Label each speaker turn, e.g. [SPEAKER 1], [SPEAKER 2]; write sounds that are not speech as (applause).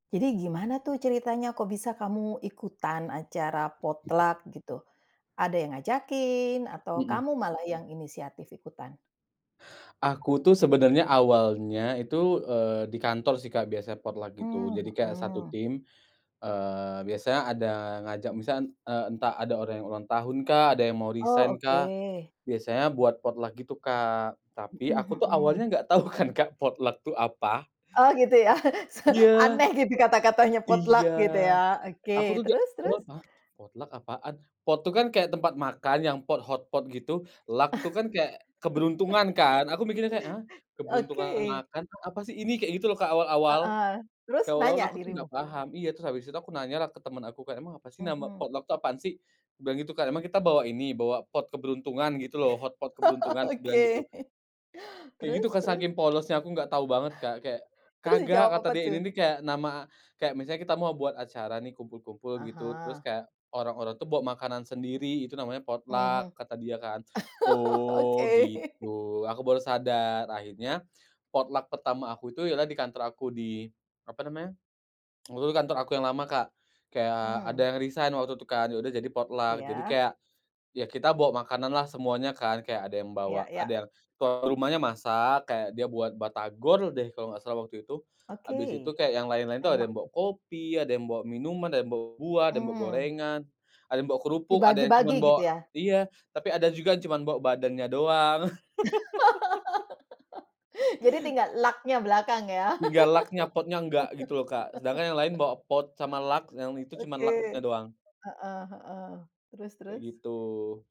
[SPEAKER 1] Jadi gimana tuh ceritanya, kok bisa kamu ikutan acara potluck, gitu? Ada yang ngajakin atau
[SPEAKER 2] Mhm.
[SPEAKER 1] kamu malah yang inisiatif ikutan?
[SPEAKER 2] Aku tuh sebenernya awalnya itu, eee, di kantor sih, Kak, biasa potluck gitu, jadi
[SPEAKER 1] Mmm,
[SPEAKER 2] kayak satu
[SPEAKER 1] hmm.
[SPEAKER 2] tim, eee, biasanya ada ngajak, misalnya, eee, entah ada orang yang ulang tahunkah, ada yang mau
[SPEAKER 1] Oh,
[SPEAKER 2] resign-kah,
[SPEAKER 1] oke.
[SPEAKER 2] biasanya buat potluck, gitu Kak, tapi
[SPEAKER 1] Mhm
[SPEAKER 2] aku tuh awalnya
[SPEAKER 1] mhm.
[SPEAKER 2] enggak tau kan, Kak, potluck, itu apa?
[SPEAKER 1] Oh, gitu ya. Se
[SPEAKER 2] Iya.
[SPEAKER 1] aneh gitu kata-katanya potluck
[SPEAKER 2] Iya.
[SPEAKER 1] gitu ya.
[SPEAKER 2] Aku
[SPEAKER 1] Oke,
[SPEAKER 2] tuh ja
[SPEAKER 1] terus terus.
[SPEAKER 2] (unintelligible) apa potluck apaan, pot itu kan kayak tempat makan yang pot, hot pot gitu, luck itu kan kayak keberuntungan kan aku mikirnya kayak, ah,
[SPEAKER 1] (laughs)
[SPEAKER 2] keberuntungan
[SPEAKER 1] Oke.
[SPEAKER 2] makan tuh apa sih ini kayak gitu loh awal-awal.
[SPEAKER 1] Heeh. Terus
[SPEAKER 2] Kayak awal-awal
[SPEAKER 1] nanya
[SPEAKER 2] aku tuh enggak
[SPEAKER 1] dirimu?
[SPEAKER 2] paham, iya terus abis itu aku nanyalah ke temen aku, kayak, "Emang apa sih nama
[SPEAKER 1] Mhm.
[SPEAKER 2] potluck itu apaan sih?" aku bilang gitu, Kak, "Emang kita bawa ini bawa pot keberuntungan, gitu loh,
[SPEAKER 1] (laughs)
[SPEAKER 2] hotpot keberuntungan?" aku bilang gitu.
[SPEAKER 1] Oke. (laughs)
[SPEAKER 2] Kayak gitu
[SPEAKER 1] Terus
[SPEAKER 2] Kak,
[SPEAKER 1] terus.
[SPEAKER 2] saking polosnya aku enggak tau banget, Kak, kayak,
[SPEAKER 1] Terus
[SPEAKER 2] "kagak,"
[SPEAKER 1] dijawab
[SPEAKER 2] kata
[SPEAKER 1] apa
[SPEAKER 2] dia,
[SPEAKER 1] tuh?
[SPEAKER 2] "Ini nih kayak nama kayak misalnya kita mau buat acara nih kumpul-kumpul
[SPEAKER 1] Ah
[SPEAKER 2] gitu terus
[SPEAKER 1] hah.
[SPEAKER 2] kayak orang-orang tuh buat makanan sendiri itu namanya
[SPEAKER 1] Mhm.
[SPEAKER 2] potluck," kata dia kan. "Oh,
[SPEAKER 1] (laughs) Oke. (laughs)
[SPEAKER 2] gitu," aku baru sadar, akhirnya potluck pertama aku itu ialah di kantor aku, di apa namanya, (tsk) waktu itu kantor aku yang lama, Kak, kayak
[SPEAKER 1] Mmm.
[SPEAKER 2] ada yang resign waktu itu kan ya udah jadi potluck. Jadi
[SPEAKER 1] Iya.
[SPEAKER 2] kayak ya kita bawa makananlah semuanya kan, kayak ada yang
[SPEAKER 1] Ya
[SPEAKER 2] bawa ada
[SPEAKER 1] ya.
[SPEAKER 2] yang rumahnya masak kayak dia buat batagor deh kalo enggak salah waktu itu. Habis itu
[SPEAKER 1] Oke.
[SPEAKER 2] kayak yang lain-lain tuh ada
[SPEAKER 1] Enak
[SPEAKER 2] yang bawa
[SPEAKER 1] tuh.
[SPEAKER 2] kopi, ada yang bawa minuman, ada yang bawa buah, ada yang bawa
[SPEAKER 1] Mmm.
[SPEAKER 2] gorengan, ada yang bawa kerupuk, ada yang cuma
[SPEAKER 1] Dibagi-bagi
[SPEAKER 2] bawa
[SPEAKER 1] gitu ya?
[SPEAKER 2] iya, tapi ada juga yang cuma bawa badannya doang. (laughs)
[SPEAKER 1] (laughs) Jadi tinggal luck-nya belakang ya.
[SPEAKER 2] Tinggal luck-nya pot-nya enggak gitu loh, Kak, sedangkan yang lain
[SPEAKER 1] (laughs)
[SPEAKER 2] bawa pot sama luck yang itu cuma luck-nya
[SPEAKER 1] Oke.
[SPEAKER 2] doang.
[SPEAKER 1] Heeh heeh. Terus
[SPEAKER 2] Kayak
[SPEAKER 1] terus.
[SPEAKER 2] gitu.